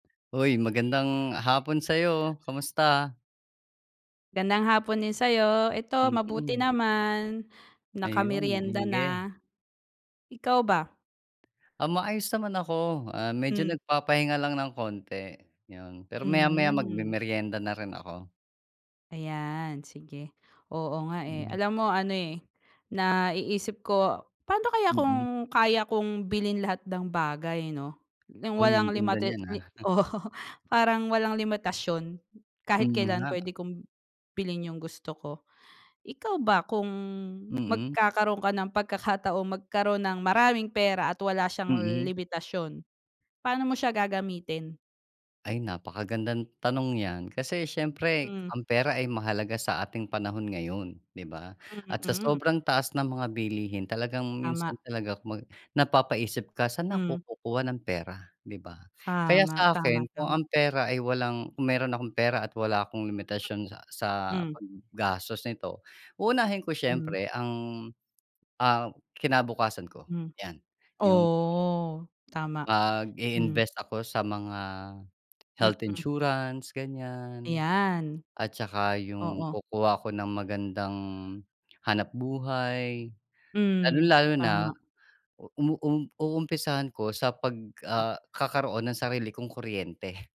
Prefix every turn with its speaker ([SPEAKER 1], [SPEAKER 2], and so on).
[SPEAKER 1] Uy, magandang hapon sa'yo, kamusta?
[SPEAKER 2] Gandang hapon din sa'yo, eto mabuti
[SPEAKER 1] Mm.
[SPEAKER 2] naman,
[SPEAKER 1] Ayun,
[SPEAKER 2] nakamerienda
[SPEAKER 1] sige.
[SPEAKER 2] na. Ikaw ba?
[SPEAKER 1] Ah maayos naman ako, ah, medyo
[SPEAKER 2] Mm.
[SPEAKER 1] nagpapahinga lang ng konti 'yun. Pero maya-maya
[SPEAKER 2] Hmm.
[SPEAKER 1] magmemerienda na rin ako.
[SPEAKER 2] Ayan sige, oo nga eh.
[SPEAKER 1] Mm.
[SPEAKER 2] Alam mo ano eh, naiisip ko, "Paano kaya kung
[SPEAKER 1] Mm.
[SPEAKER 2] kaya kong bilhin lahat ng bagay 'no? Nang
[SPEAKER 1] Uy,
[SPEAKER 2] walang
[SPEAKER 1] ang ganda
[SPEAKER 2] limata
[SPEAKER 1] niyan
[SPEAKER 2] li
[SPEAKER 1] ah.
[SPEAKER 2] oo, parang walang limitasyon kahit
[SPEAKER 1] Mm
[SPEAKER 2] kailan
[SPEAKER 1] nga.
[SPEAKER 2] puwede kong, bilhin yung gusto ko." Ikaw ba, kung
[SPEAKER 1] Mm.
[SPEAKER 2] magkakaroon ka ng pagkakataong magkaroon ng maraming pera at wala siyang
[SPEAKER 1] Mm.
[SPEAKER 2] limitasyon, paano mo siya gagamitin?
[SPEAKER 1] Ay napakagandang tanong 'yan. Kasi siyempre,
[SPEAKER 2] Mm.
[SPEAKER 1] ang pera ay mahalaga sa ating panahon ngayon, 'di ba?
[SPEAKER 2] Hmm,
[SPEAKER 1] At sa
[SPEAKER 2] mm.
[SPEAKER 1] sobrang taas ng mga bilihin talagang minsan
[SPEAKER 2] Tama.
[SPEAKER 1] talaga kumbaga, napapa-isip ka, "Saan ako
[SPEAKER 2] Hmm.
[SPEAKER 1] kukuha ng pera?" 'Di ba? Kaya
[SPEAKER 2] Tama,
[SPEAKER 1] sa
[SPEAKER 2] tama,
[SPEAKER 1] akin, kung
[SPEAKER 2] tama.
[SPEAKER 1] ang pera ay walang kung meron akong pera at wala akong limitasyon sa sa
[SPEAKER 2] Hmm.
[SPEAKER 1] paggastos neto, uunahin ko
[SPEAKER 2] Hmm.
[SPEAKER 1] syempre ang ah, kinabukasan ko
[SPEAKER 2] Hmm,
[SPEAKER 1] 'yan. Yung
[SPEAKER 2] oh, tama, hmm.
[SPEAKER 1] Mag-i-invest ako sa mga, health
[SPEAKER 2] Mm.
[SPEAKER 1] insurance ganiyan,
[SPEAKER 2] Ayan.
[SPEAKER 1] at saka yung
[SPEAKER 2] Oo.
[SPEAKER 1] kukuha ako ng magandang hanapbuhay.
[SPEAKER 2] Hmm,
[SPEAKER 1] Lalong-lalo na
[SPEAKER 2] tama.
[SPEAKER 1] uum uumpisahan ko sa 'pag,
[SPEAKER 2] Hmm.
[SPEAKER 1] ah, kakaroon ng sarili kong kuryente.